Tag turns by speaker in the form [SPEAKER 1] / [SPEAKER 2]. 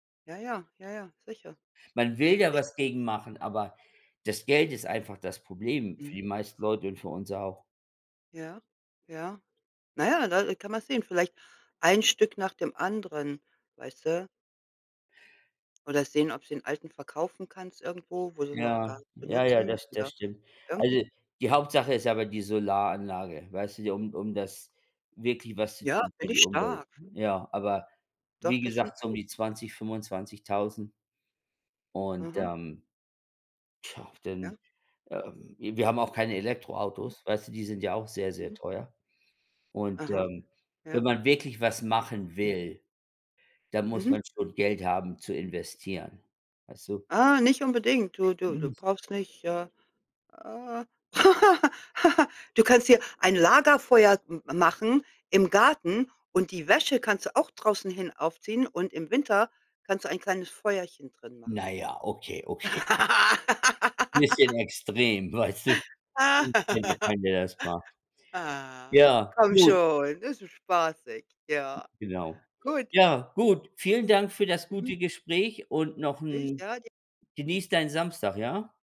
[SPEAKER 1] Ja, ja. Ja, ja. Sicher.
[SPEAKER 2] Man will ja
[SPEAKER 1] Sicher.
[SPEAKER 2] was gegen machen, aber das Geld ist einfach das Problem für
[SPEAKER 1] Mhm.
[SPEAKER 2] die meisten Leute und für uns auch.
[SPEAKER 1] Ja. Ja. Na ja, da, äh, kann man sehen, vielleicht ein Stück nach dem anderen, weißt du? Oder sehen, ob sie ’n alten verkaufen kannst irgendwo, wo sie noch gar
[SPEAKER 2] Ja,
[SPEAKER 1] nicht
[SPEAKER 2] ja, ja,
[SPEAKER 1] benutzen
[SPEAKER 2] das das
[SPEAKER 1] oder
[SPEAKER 2] stimmt.
[SPEAKER 1] irgendwie
[SPEAKER 2] Also, die Hauptsache ist aber die Solaranlage, weißt du, die um um das wirklich was zu
[SPEAKER 1] Ja,
[SPEAKER 2] tun für
[SPEAKER 1] finde ich
[SPEAKER 2] die Umwelt.
[SPEAKER 1] stark.
[SPEAKER 2] Ja, aber
[SPEAKER 1] Doch,
[SPEAKER 2] wie
[SPEAKER 1] das finde
[SPEAKER 2] gesagt,
[SPEAKER 1] ich
[SPEAKER 2] so um
[SPEAKER 1] gut.
[SPEAKER 2] die 20.000, 25.000. Und,
[SPEAKER 1] Aha.
[SPEAKER 2] ähm, tja,
[SPEAKER 1] Ja.
[SPEAKER 2] denn, ähm, i wir haben auch keine
[SPEAKER 1] Mhm.
[SPEAKER 2] Elektroautos, weißt du, die sind ja auch sehr, sehr
[SPEAKER 1] Mhm.
[SPEAKER 2] teuer. Und,
[SPEAKER 1] Aha.
[SPEAKER 2] ähm, wenn
[SPEAKER 1] Ja.
[SPEAKER 2] man wirklich was machen
[SPEAKER 1] Mhm.
[SPEAKER 2] will, dann muss
[SPEAKER 1] Mhm.
[SPEAKER 2] man schon Geld haben zu investieren, weißt du?
[SPEAKER 1] Ah, nicht unbedingt, du du
[SPEAKER 2] Hm.
[SPEAKER 1] du brauchst nicht äh, äh, du kannst hier ein Lagerfeuer m machen im Garten und die Wäsche kannst du auch draußen hin aufziehen und im Winter kannst du ein kleines Feuerchen drin machen.
[SPEAKER 2] Na ja, okay, okay. Bisschen extrem, weißt du? [unintelligible] wenn der das macht.
[SPEAKER 1] Ah,
[SPEAKER 2] Ja,
[SPEAKER 1] komm
[SPEAKER 2] gut.
[SPEAKER 1] schon, es ist spaßig. Ja.
[SPEAKER 2] Genau.
[SPEAKER 1] Gut.
[SPEAKER 2] Ja, gut. Vielen Dank für das
[SPEAKER 1] Mhm.
[SPEAKER 2] gute Gespräch und noch
[SPEAKER 1] Ich
[SPEAKER 2] 'n
[SPEAKER 1] ja dir
[SPEAKER 2] genieß deinen Samstag, ja?